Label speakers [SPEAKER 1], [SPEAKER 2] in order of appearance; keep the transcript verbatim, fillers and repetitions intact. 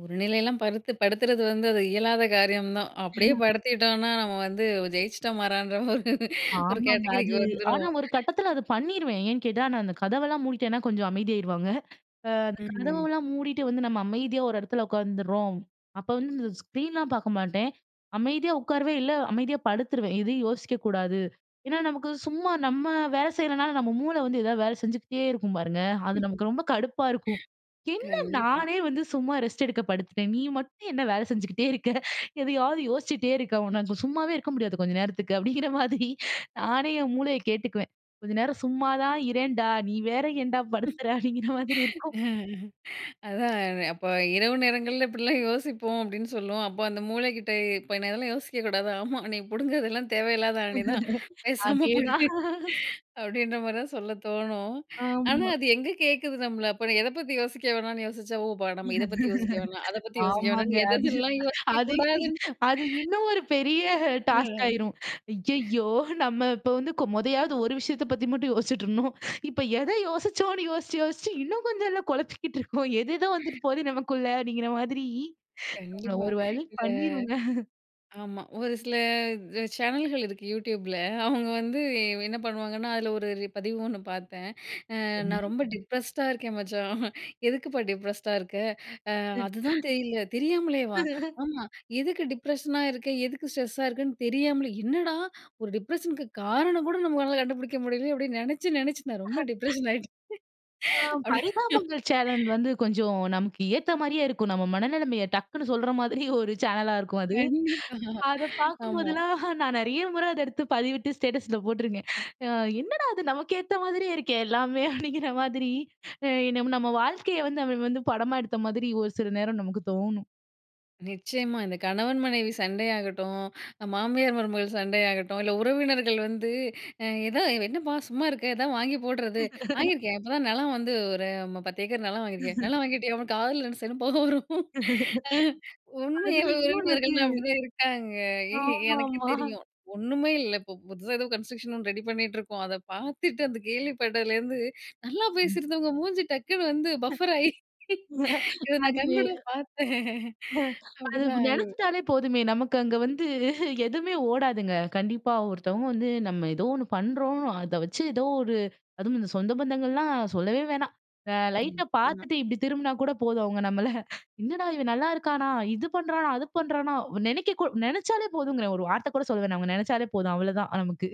[SPEAKER 1] ஒரு நிலைலா படுத்து படுத்துறது வந்து அது இயலாத காரியம் தான். அப்படியே
[SPEAKER 2] ஏனா.
[SPEAKER 1] படுத்திட்டோம்னா நம்ம வந்து ஜெயிச்சிட்டோம் மாறான்ற ஒரு ஒரு
[SPEAKER 2] ஆமங்க.
[SPEAKER 1] கேட்டகிரிக்கு
[SPEAKER 2] அது ஆனா
[SPEAKER 1] வந்துருவோம்.
[SPEAKER 2] ஒரு கட்டத்தில அத பண்ணிருவேன். ஏன்னு கேட்டா நான் அந்த கதவெல்லாம் மூடிட்டேனா கொஞ்சம் அமைதியாயிருவாங்க. ஆ அந்த
[SPEAKER 1] ம் ஹும்.
[SPEAKER 2] கதவெல்லாம் மூடிட்டு வந்து நம்ம அமைதியா ஒரு இடத்துல உக்காந்துருறோம். அப்ப வந்து இந்த ஸ்க்ரீன்லாம் பார்க்க மாட்டேன். அமைதியா உட்காருவேந் இல்ல அமைதியா படுத்துருவேன். எதையும் யோசிக்க கூடாது. ஏனா, நமக்கு சும்மா நம்ம வேலை செய்றனால, நம்ம மூளை வந்து ஏதாவது வேலை செஞ்சுகிட்டே இருக்கும். பாருங்க, அது நமக்கு ரொம்ப கடுப்பா இருக்கும். "என்ன
[SPEAKER 1] கண்டிப்பா.
[SPEAKER 2] நானே வந்து சும்மா ரெஸ்ட் எடுக்க படுத்துட்டேன். நீ மட்டும் என்ன வேலை செஞ்சுகிட்டே இருக்க? எதையாவது யோசிச்சுட்டே இருக்க, உன்னால சும்மாவே இருக்க முடியாத கொஞ்ச நேரத்துக்கு. "அப்படிங்கிற மாரி நானே என் மூளைய கேட்டுக்குவேன். "கொஞ்ச நேரம் சும்மா தான் இரேன்டா, நீ வேற ஏன்டா படுத்துற?" அப்படிங்கிற மாரி இருக்கும்.
[SPEAKER 1] அதான் அப்ப இரவு நேரங்கள்ல இப்படிலாம் யோசிப்போம் அப்படின்னு சொல்லுவோம். அப்ப அந்த மூளைக்கிட்ட இப்ப ஏ அதெல்லாம் யோசிக்க கூடாது. ஆமா, "நீ புடுங்குறதெல்லாம் தேவையில்லாத ஆணி தான் பேசாம
[SPEAKER 2] அதேதான்.
[SPEAKER 1] படு" அப்படீன்ற மாரி தான் சொல்ல தோணும். ஆனா,
[SPEAKER 2] ஆமா.
[SPEAKER 1] அது எங்க கேட்குது நம்மள அப்ப எத பத்தி யோசிக்க வேணாம்ன்னு யோசிச்சா, ஓ! நம்ம இத பத்தி யோசிக்க வேணாம், அத பத்தி யோசிக்க
[SPEAKER 2] ஆமாங்க.
[SPEAKER 1] வேணான்னு
[SPEAKER 2] அது
[SPEAKER 1] எததெல்லாம் யோசிக்க
[SPEAKER 2] அது
[SPEAKER 1] கூடாதுன்னு.
[SPEAKER 2] அது இன்னும் ஒரு பெரிய டாஸ்க்
[SPEAKER 1] ம்.
[SPEAKER 2] ஆயிரும். ஐயயோ! நம்ம இப்ப வந்து மொதயாவது ஒரு விஷயத்த பத்தி மட்டும் யோசிச்சிட்டுருந்தோம். இப்ப எத யோசிச்சோம்னு யோசிச்சு, யோசிச்சு இன்னும் கொஞ்சம்ல கொழப்பிக்கிட்டு இருக்கோம். எது எதோ வந்துட்டு போகுது நமக்குள்ள, அப்படிங்கிற மாரி நம்மள
[SPEAKER 1] கண்டிப்பா.
[SPEAKER 2] ஒரு வழி
[SPEAKER 1] இந்த
[SPEAKER 2] பண்ணிருங்க.
[SPEAKER 1] ஆமா ஒரு சில சேனல்கள் இருக்கு. Youtubeல அவங்க வந்து என்ன பண்ணுவாங்கன்னா, அதில ஒரு பதிவு ஒண்ணு பார்த்தேன். "நான்
[SPEAKER 2] சரி.
[SPEAKER 1] ரொம்ப டிப்ரஸ்ட்டா இருக்கேன் மச்சான்." எதுக்குப்பா டிப்ரஸ்ட்டா இருக்க? "அதுதான் தெரியல" தெரியாமலேவா. "ஆமா எதுக்கு டிப்ரஷனா இருக்க, எதுக்கு ஸ்ட்ரெஸ்ஸா இருக்கேன்னு தெரியாமலே, என்னடா! ஒரு டிப்ரஷனு க்கு காரணம் கூட நம்மளால கண்டுபிடிக்க முடியலையே அப்படின்னு நெனச்சி, நெனச்சி நான் ரொம்ப டிப்ரஷன் ஆயிட்டேன்."
[SPEAKER 2] ஆ,
[SPEAKER 1] அப்படின்னு.
[SPEAKER 2] பரிதாபங்கள் சேனல் வந்து கொஞ்சம் நமக்கேத்தா மாரியே இருக்கும். நம்ம மனநெலமைய டக்குனு சொல்ற மாதிரி ஒரு சேனலா இருக்கும். அது,
[SPEAKER 1] கண்டிப்பா
[SPEAKER 2] அத
[SPEAKER 1] ஆமா.
[SPEAKER 2] பார்க்கும்போதெல்லாம் நான் நெறைய முற அத எடுத்து பதிவிட்டு ஸ்டேட்டஸில போட்ருக்கேன். என்னடா அது நமக்கேத்த மாதிரியே இருக்கே, எல்லாமே. அப்படிங்கிற மாதிரி நம்ம வாழ்க்கைய வந்து நம்ம வந்து படமா எடுத்த மாதிரி ஒரு சில நேரம் நமக்கு தோணும்.
[SPEAKER 1] நிச்சயமா. இந்த கணவன், மனைவி சண்டையாகட்டும். மாமியார், மருமகள் சண்டையாகட்டும். இல்ல உறவினர்கள் வந்து எத "என்னப்பா சும்மா இருக்க, எதாவது வாங்கி போடுறது." "வாங்கியிருக்கேன் இப்போதான் நிலம் வந்து ஒரு பத்து ஏக்கர் நிலம் வாங்கியிருக்கேன்." "நிலம் வாங்கிட்டியா?" காதுல ரெண்டு சைடுல பொக வரும். உண்மையா
[SPEAKER 2] அதுல இன்னொன்னு வந்து.
[SPEAKER 1] உறவினர்கள்லா அப்படிதான் இருக்காங்க. ஏ எனக்கு
[SPEAKER 2] ஆமாம்மா.
[SPEAKER 1] தெரியும். ஒண்ணுமே இல்ல இப்ப ஏதோ புதுசா கன்ஸ்டருக்ஷன் ஒண்ணு ரெடி பண்ணிட்டு இருக்கோம். அத பார்த்துட்டு அந்த கேள்விப்பட்டதுலேருந்து நல்லா
[SPEAKER 2] ம்.
[SPEAKER 1] பேசியிருந்தவங்க மூஞ்சி டக்குனு வந்து பஃபர் ஆயி. இத நான்
[SPEAKER 2] அது.
[SPEAKER 1] கண்கூட பார்த்தேன்.
[SPEAKER 2] அது
[SPEAKER 1] அப்படிதான் ஆகுது.
[SPEAKER 2] நெனச்சுட்டாலே போதுமே, நமக்கு அங்க வந்து எதுவுமே ஓடாதுங்க. கண்டிப்பா, ஒருத்தவங்க வந்து நம்ம ஏதோ ஒண்ணு பண்றோம். அத வச்சு ஏதோ ஒரு அதுவும் இந்த சொந்த பந்தங்கள்லாம் சொல்லவே வேணா.
[SPEAKER 1] ம்.
[SPEAKER 2] லைட்டா
[SPEAKER 1] ஆமா.
[SPEAKER 2] பார்த்துட்டு இப்படி திரும்பினா கூட போதும். அவங்க நம்மள "என்னடா இவன் நல்லா இருக்கானா? இது பண்றானா? அது பண்றானா?" நெனைக்க நெனச்சாலே போதுங்கிறேன். ஒரு வார்த்த கூட சொல்ல வேணா. அவங்க நெனச்சாலே போதும் அவ்வளோதான் நமக்கு.